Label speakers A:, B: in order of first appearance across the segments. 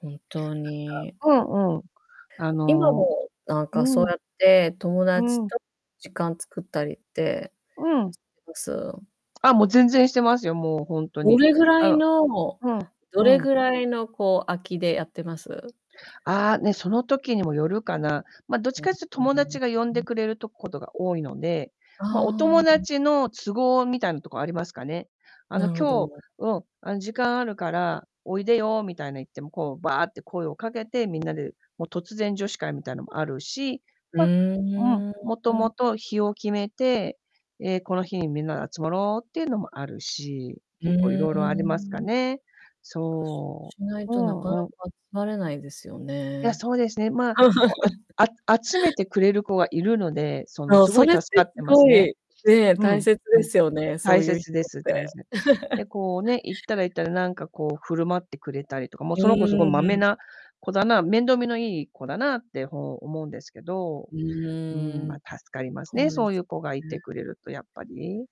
A: 本当
B: なんか
A: に。
B: うんうん、あ
A: 今
B: の
A: も、なんか、そ
B: う
A: う
B: ん。
A: やって友
B: う
A: 達
B: ん。
A: と時間作ったりって
B: うん。
A: す？
B: あ、もう全然してますよ、もう、ほんと
A: ど
B: に。
A: れぐら
B: あ
A: い
B: の
A: の
B: うん、
A: ど
B: う
A: れ
B: ん。
A: ぐらいの、こう、空きでやってます？
B: ああ、ね、その時にもよるかな。ま、どっち
A: うん。う
B: かっちゅと、
A: う
B: 友
A: う。
B: 達が呼ん
A: う
B: で
A: ん。
B: くれるとことが多いので、
A: あ
B: ま、お
A: あ、う
B: 友
A: ん。
B: 達の都合みたいなとこありますかね。あの、
A: なるほ
B: 今日、
A: ど。
B: うん、あん、時間あるから、おいでよ、みたいな、言って、も、こう、ばって声をかけて、みんなで、も、突然女子会みたいのもあるし、
A: うー
B: ま、うん、
A: ん、
B: もと
A: うん。
B: もと、日を決めて、ええ、この日にみんなで集まろうってゆうのもあるし、
A: うー
B: 結構いろいろありますか
A: ん。外
B: ね。
A: 出
B: そ
A: しない
B: う。う
A: となかなか
B: んうん。
A: 集まれないですよ
B: いや、
A: ね。
B: そうですね、まあ、こ、ああ集めてくれる子がいるので、その、
A: そう、
B: すご
A: そ
B: い
A: れっ
B: 助
A: て
B: かっ
A: す
B: てます
A: ご
B: ね。
A: いね、
B: う
A: 大
B: ん、
A: 切
B: う
A: で
B: ん。
A: すよね、そ
B: 大
A: うゆう人
B: 切で
A: っ
B: す、
A: て。
B: たいせで、こう ね、行ったら行ったで、なんか、こう、振る舞ってくれたりとか、もう、
A: う
B: その子すごいまめ
A: ーん。
B: な子だな、面倒見のいい子だなって、ほう、思うんですけど、
A: う
B: うーん、
A: ー
B: ま、
A: ん。
B: 助かります
A: そ
B: ね、
A: うで
B: そうゆ
A: す
B: う子がい
A: ね。
B: てくれると、やっぱり。う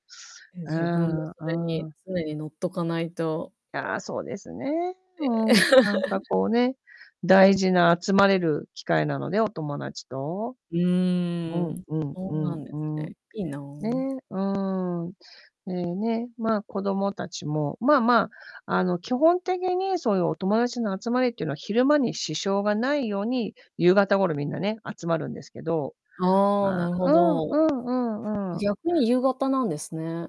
A: え、
B: ー
A: 自分も、
B: ん、
A: そ
B: う
A: れ
B: ー
A: に
B: ん。
A: 常に乗っとかないと
B: いや、そうですね。う
A: え。
B: ん、なんか こうね、大事な、集まれる機会なので、お友達と。
A: う
B: う
A: ー
B: ん
A: ん、
B: うん
A: そう
B: う
A: な
B: ん
A: んです
B: うん。
A: ね。いいな。
B: ね、うーん。で、ね、まあ、子供達もまあまあ、あの、基本的にそうゆうお友達の集まりってのは、昼間に支障がないように、夕方頃、皆ね、集まるんですけど、
A: ああ、
B: まあ
A: なるほ
B: うん
A: ど。
B: うんうんうん。
A: 逆に夕方なんですね。